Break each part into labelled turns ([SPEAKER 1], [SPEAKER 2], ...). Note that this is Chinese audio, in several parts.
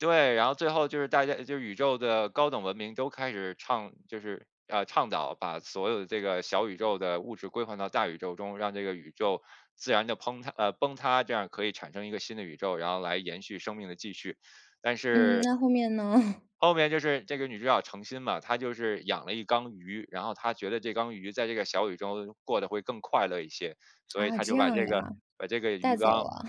[SPEAKER 1] 对，然后最后就是大家就是宇宙的高等文明都开始倡就是，呃，倡导把所有的这个小宇宙的物质归还到大宇宙中。让这个宇宙自然地崩塌呃，崩塌，这样可以产生一个新的宇宙，然后来延续生命的继续，但
[SPEAKER 2] 嗯，
[SPEAKER 1] 是
[SPEAKER 2] 那后面呢？
[SPEAKER 1] 后面就是这个女主角程心嘛，她就是养了一缸鱼，然后她觉得这缸鱼在这个小宇宙过得会更快乐一些，所以
[SPEAKER 2] 啊，
[SPEAKER 1] 她
[SPEAKER 2] 这
[SPEAKER 1] 就把
[SPEAKER 2] 样
[SPEAKER 1] 这个
[SPEAKER 2] 呀，
[SPEAKER 1] 把这个鱼
[SPEAKER 2] 带走
[SPEAKER 1] 缸
[SPEAKER 2] 了。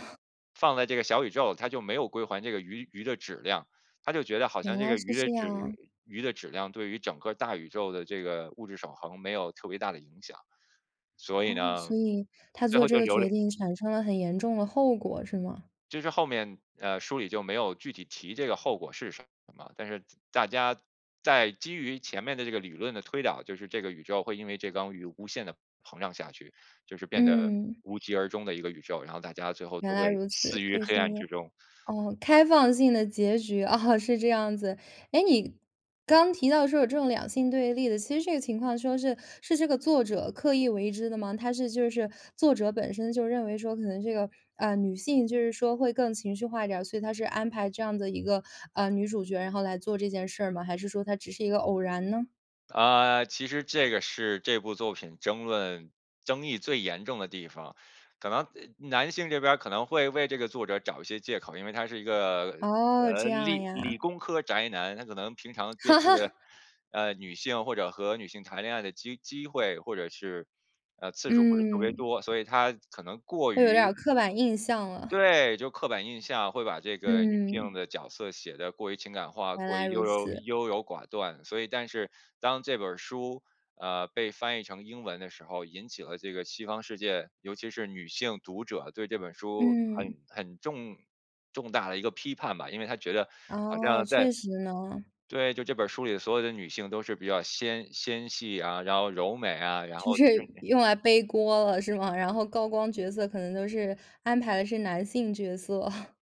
[SPEAKER 1] 放在这个小宇宙，她就没有归还这个鱼鱼的质量。她就觉得好
[SPEAKER 2] 原
[SPEAKER 1] 像这
[SPEAKER 2] 来
[SPEAKER 1] 个
[SPEAKER 2] 是
[SPEAKER 1] 鱼的
[SPEAKER 2] 这
[SPEAKER 1] 质
[SPEAKER 2] 样啊。
[SPEAKER 1] 鱼的质量对于整个大宇宙的这个物质守恒没有特别大的影响。所以
[SPEAKER 2] 哦，
[SPEAKER 1] 呢，
[SPEAKER 2] 所以她
[SPEAKER 1] 最
[SPEAKER 2] 做
[SPEAKER 1] 后
[SPEAKER 2] 这
[SPEAKER 1] 就
[SPEAKER 2] 个
[SPEAKER 1] 留了
[SPEAKER 2] 决定产生了很严重的后果，是吗？
[SPEAKER 1] 就是后面，呃，书里就没有具体提这个后果是什么嘛，但是大家在基于前面的这个理论的推导，就是这个宇宙会因为这缸鱼无限地膨胀下去，就是变得
[SPEAKER 2] 嗯。
[SPEAKER 1] 无疾而终的一个宇宙，然后大家最后
[SPEAKER 2] 原
[SPEAKER 1] 都
[SPEAKER 2] 来
[SPEAKER 1] 会
[SPEAKER 2] 如
[SPEAKER 1] 死
[SPEAKER 2] 此，
[SPEAKER 1] 于
[SPEAKER 2] 所以
[SPEAKER 1] 黑
[SPEAKER 2] 是一
[SPEAKER 1] 暗
[SPEAKER 2] 个
[SPEAKER 1] 之中。
[SPEAKER 2] 哦开放性的结局，啊是这样子。诶你刚提到说有这种两性对立的其实这个情况说是是这个作者刻意为之的吗？他是就是作者本身就认为说可能这个，呃，女性就是说会更情绪化一点儿，所以他是安排这样的一个，呃，女主角儿然后来做这件事儿吗？还是说它只是一个偶然呢？
[SPEAKER 1] 呃，其实这个是这部作品争论争议最严重的地方。可能男性这边儿可能会为这个作者找一些借口，因为他是一个，
[SPEAKER 2] 哦，这
[SPEAKER 1] 呃，
[SPEAKER 2] 样
[SPEAKER 1] 理理
[SPEAKER 2] 呀。
[SPEAKER 1] 工科宅男，他可能平常接触的，呃，女性或者和女性谈恋爱的机机会，或者是，呃，次数不是特别
[SPEAKER 2] 嗯。
[SPEAKER 1] 多，所以他可能过
[SPEAKER 2] 会有点
[SPEAKER 1] 于
[SPEAKER 2] 儿刻板印象了。
[SPEAKER 1] 对，就刻板印象，会把这个女性
[SPEAKER 2] 嗯。
[SPEAKER 1] 的角色写得过于情感化，
[SPEAKER 2] 原
[SPEAKER 1] 过于
[SPEAKER 2] 来
[SPEAKER 1] 优
[SPEAKER 2] 如
[SPEAKER 1] 柔
[SPEAKER 2] 此。
[SPEAKER 1] 优柔寡断。所以但是当这本儿书，呃，被翻译成英文的时候，引起了这个西方世界，尤其是女性读者对这本书
[SPEAKER 2] 嗯。
[SPEAKER 1] 很很重重大的一个批判吧。因为她觉得好
[SPEAKER 2] 哦，
[SPEAKER 1] 像在
[SPEAKER 2] 确实呢。
[SPEAKER 1] 对，就这本儿书里所有的女性都是比较纤纤细啊，然后柔美啊，然
[SPEAKER 2] 就
[SPEAKER 1] 后
[SPEAKER 2] 是
[SPEAKER 1] 就是
[SPEAKER 2] 用来背锅了是吗？然后高光角色可能都是安排是男性角色。